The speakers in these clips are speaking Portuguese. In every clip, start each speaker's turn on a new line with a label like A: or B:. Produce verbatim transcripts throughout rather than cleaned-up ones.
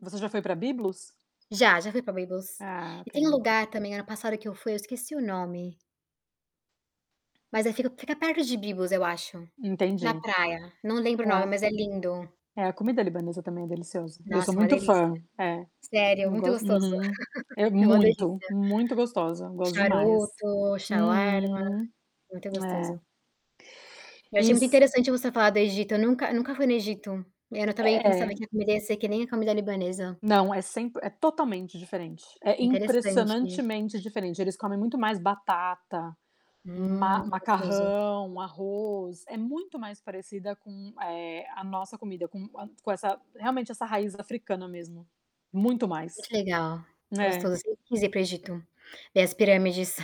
A: Você já foi pra Byblos?
B: Já, já fui pra Byblos.
A: Ah,
B: E tem um
A: ok.
B: lugar também, ano passado que eu fui, eu esqueci o nome mas aí fica fica perto de Byblos, eu acho, na
A: Entendi
B: praia. Não lembro o nome,
A: é.
B: mas é lindo.
A: É, a comida libanesa também é deliciosa, eu sou
B: Nossa, uma
A: muito
B: delícia.
A: fã, é,
B: Sério,
A: eu
B: muito
A: gos
B: gostoso.
A: uhum é
B: É uma delícia.
A: muito, muito gostosa, eu gosto demais,
B: Charuto, Xauarma,
A: uhum,
B: muito
A: é.
B: gostoso. Eu achei muito
A: Iss
B: interessante você falar do Egito, eu nunca nunca fui no Egito. É, eu também pensava,
A: É.
B: que a comida ia ser que nem a comida libanesa.
A: Não, é sempre é totalmente diferente, é
B: Interessante.
A: impressionantemente diferente. Eles comem muito mais batata,
B: Hum, muito gostoso.
A: ma-macarrão, arroz. É muito mais parecida com, eh, a nossa comida, com com essa realmente essa raiz africana mesmo, muito mais
B: Muito legal,
A: é.
B: gostoso quis ir para o Egito, ver as pirâmides.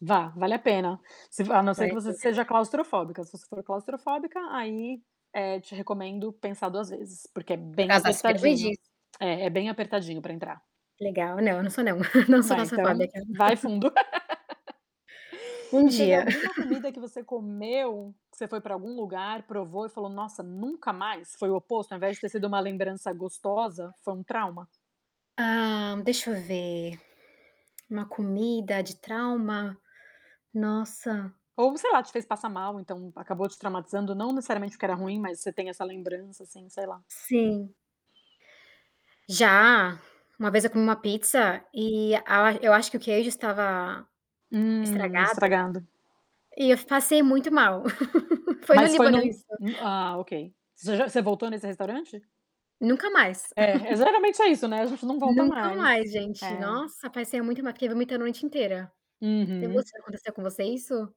A: Vá, vale a pena. Se v a não ser que você seja
B: [unintelligible]
A: claustrofóbica, se você for claustrofóbica, aí, eh, te recomendo pensar duas vezes, porque é bem apertadinho
B: [unintelligible]
A: é é bem apertadinho pra entrar.
B: Legal, não, não sou não. Não sou
A: É, então,
B: claustrofóbica.
A: vai fundo.
B: Um
A: E teve
B: dia.
A: alguma comida que você comeu, que você foi pra algum lugar, provou e falou: "Nossa, nunca mais!"? Foi o oposto, ao invés de ter sido uma lembrança gostosa, foi um trauma?
B: Hã, deixa eu ver. Uma comida de trauma? Nossa.
A: Ou sei lá, te fez passar mal, então, acabou te traumatizando. Não necessariamente porque era ruim, mas você tem essa lembrança, assim, sei lá.
B: Sim. Já, uma vez eu comi uma pizza, e a eu acho que o queijo estava
A: Hum,
B: estragado
A: estragado.
B: e eu passei muito mal. Foi no
A: Mas foi
B: Líbano
A: num
B: isso.
A: ah ok, você já você voltou nesse restaurante?
B: Nunca mais.
A: É é geralmente é isso, né. A gente não volta
B: Nunca
A: mais
B: mais gente,
A: é.
B: nossa, passei muito ma fiquei vomitando a noite inteira. E
A: Uhum.
B: você, aconteceu com você isso?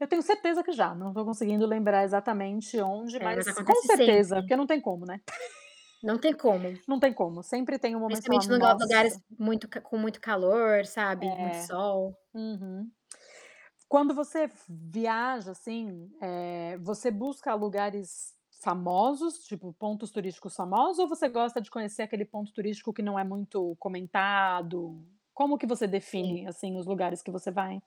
A: Eu tenho certeza que já, não tô conseguindo lembrar exatamente onde,
B: É, mas
A: mas com
B: acontece
A: certeza,
B: sempre.
A: porque não tem como, né.
B: Não tem como.
A: Não tem como, sempre tem um momento que você fala:
B: Principalmente em lugar lugares
A: "Nossa!".
B: muito ca com muito calor,
A: É,
B: sabe, muito sol.
A: uhum. Quando você viaja, assim, eh, você busca lugares famosos, tipo, pontos turísticos famosos, ou você gosta de conhecer aquele ponto turístico que não é muito comentado? Como que você
B: Sim.
A: define, assim, os lugares que você vai?